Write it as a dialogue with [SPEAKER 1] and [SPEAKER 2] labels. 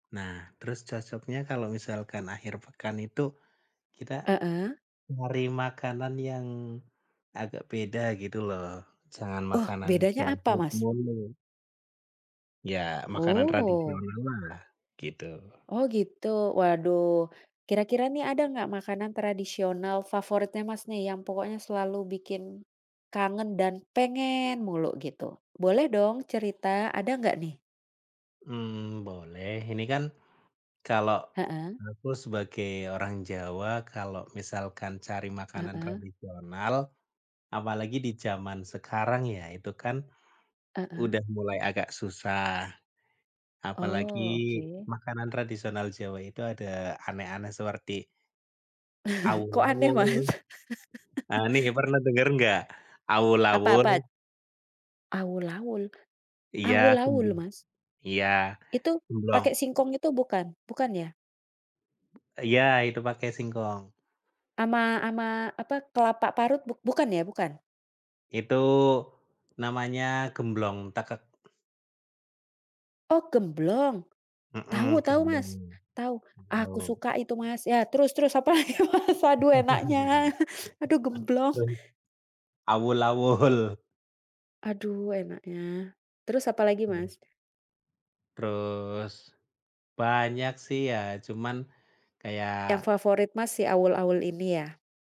[SPEAKER 1] Nah, terus cocoknya kalau misalkan akhir pekan itu, kita
[SPEAKER 2] Heeh.
[SPEAKER 1] nyari makanan yang agak beda, gitu loh. Jangan
[SPEAKER 2] Oh,
[SPEAKER 1] makanan
[SPEAKER 2] bedanya
[SPEAKER 1] junk
[SPEAKER 2] apa,
[SPEAKER 1] food
[SPEAKER 2] Mas?
[SPEAKER 1] mulu. Iya, makanan
[SPEAKER 2] Oh.
[SPEAKER 1] tradisional lah, gitu.
[SPEAKER 2] Oh, gitu? Waduh. Kira-kira nih, ada nggak makanan tradisional favoritnya Mas nih yang pokoknya selalu bikin kangen, dan pengen mulu, gitu? Boleh dong cerita, ada nggak nih?
[SPEAKER 1] Mmm, boleh. Ini kan kalau
[SPEAKER 2] Heeh.
[SPEAKER 1] aku sebagai orang Jawa, kalau misalkan cari makanan
[SPEAKER 2] Heeh.
[SPEAKER 1] tradisional, apalagi di zaman sekarang ya, itu kan
[SPEAKER 2] Heeh.
[SPEAKER 1] udah mulai agak susah. Apalagi
[SPEAKER 2] Oh, oke.
[SPEAKER 1] makanan tradisional Jawa itu ada aneh-aneh seperti
[SPEAKER 2] Kok aneh, Mas?
[SPEAKER 1] awul-awul. Nah, ini kayak pernah denger nggak?
[SPEAKER 2] Apa apa?
[SPEAKER 1] Awul-awul?
[SPEAKER 2] Awul-awul?
[SPEAKER 1] Iya,
[SPEAKER 2] Awul-awul,
[SPEAKER 1] gembung
[SPEAKER 2] Mas?
[SPEAKER 1] iya,
[SPEAKER 2] Itu,
[SPEAKER 1] gemblong.
[SPEAKER 2] pakai singkong itu bukan? Bukan, ya?
[SPEAKER 1] Iya, itu pakai singkong.
[SPEAKER 2] Sama sama, apa, kelapa parut buk bukan, ya? Bukan?
[SPEAKER 1] Itu, namanya gemblong tekek.
[SPEAKER 2] Oh, gemblong?
[SPEAKER 1] Mhm,
[SPEAKER 2] Tahu tahu, Mas.
[SPEAKER 1] gemblong,
[SPEAKER 2] Tahu. Aku
[SPEAKER 1] gemblong.
[SPEAKER 2] suka itu, Mas. Ya, terus terus, apalagi, Mas? Aduh enaknya. Aduh gemblong.
[SPEAKER 1] [unintelligible] Awul-awul.
[SPEAKER 2] Aduh enaknya. Terus apa lagi,
[SPEAKER 1] Mhm.
[SPEAKER 2] Mas?
[SPEAKER 1] Terus banyak sih, ya. Cuman
[SPEAKER 2] Yang
[SPEAKER 1] kayak
[SPEAKER 2] favorit Mas, si awul-awul ini, ya?